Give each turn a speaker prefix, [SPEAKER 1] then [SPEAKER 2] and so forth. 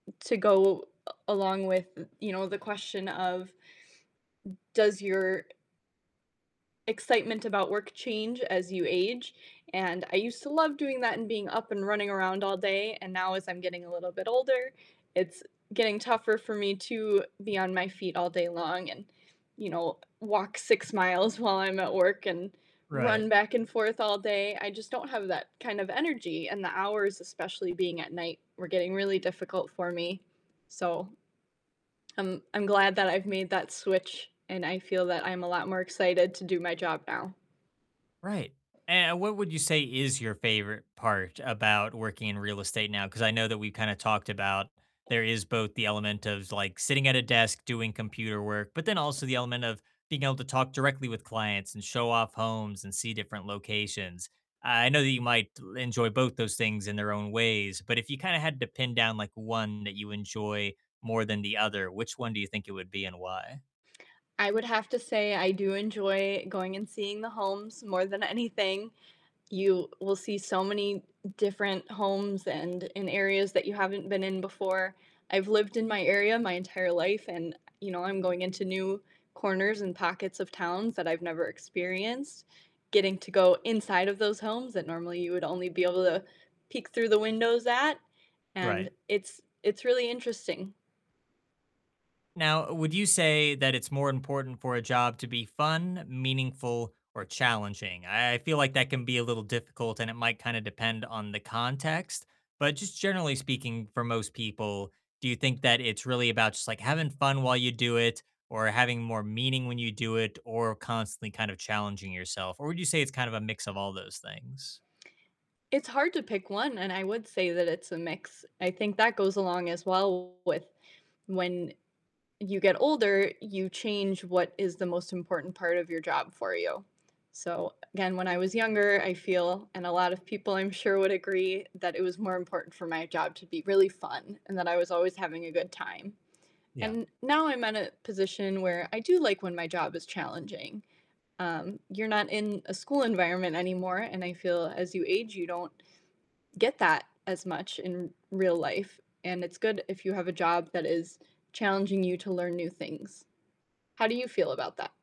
[SPEAKER 1] To go a along with, n you know, the question of does your excitement about work change as you age? And I used to love doing that and being up and running around all day, and now as I'm getting a little bit older, it's getting tougher for me to be on my feet all day long and, you know, walk 6 miles while I'm at work, and
[SPEAKER 2] Right.
[SPEAKER 1] run back and forth all day, I just don't have that kind of energy, and the hours, especially being at night, were getting really difficult for me. So I'm I'm glad that I've made that switch, and I feel that I'm a lot more excited to do my job now.
[SPEAKER 2] Right, and what would you say is your favorite part about working in real estate now? 'Cause I know that we kinda talked about there is both the element of, like, sitting at a desk doing computer work, but then also the element of being able to talk directly with clients, and show off homes, and see different locations. Uh, I know that you might enjoy both those things in their own ways, but if you kinda had to pin down, like, one that you enjoy more than the other, which one do you think it would be and why?
[SPEAKER 1] I would have to say I do enjoy going and seeing the homes more than anything. You will see so many different homes and in areas that you haven't been in before, I've lived in my area my entire life and, eh, you know, I'm going into new corners and pockets of towns that I've never experienced. Getting to go inside of those homes that normally you would only be able to peek through the windows at, and
[SPEAKER 2] Right.
[SPEAKER 1] it's it's really interesting.
[SPEAKER 2] Now, would you say that it's more important for a job to be fun, meaningful, or challenging? I I feel like that can be a little difficult, and it might kinda depend on the context, but just generally speaking for most people, do you think that it's really about just, like, having fun while you do it? Or having more meaning when you do it? Or constantly kind of challenging yourself? Or would you say it's kind of a mix of all those things?
[SPEAKER 1] It's hard to pick one, and I would say that it's a mix, I think that goes along as well with when you get older, you change what is the most important part of your job for you. So, again, when I was younger, I feel and a lot of people I'm sure would agree, that it was more important for my job to be really fun and that I was always having a good time.
[SPEAKER 2] Yeah.
[SPEAKER 1] And now I'm at a position where I do like when my job is challenging, um, you're not in a school environment anymore, and I feel as you age you don't get that as much in real life, and it's good if you have a job that is challenging you to learn new things. How do you feel about that?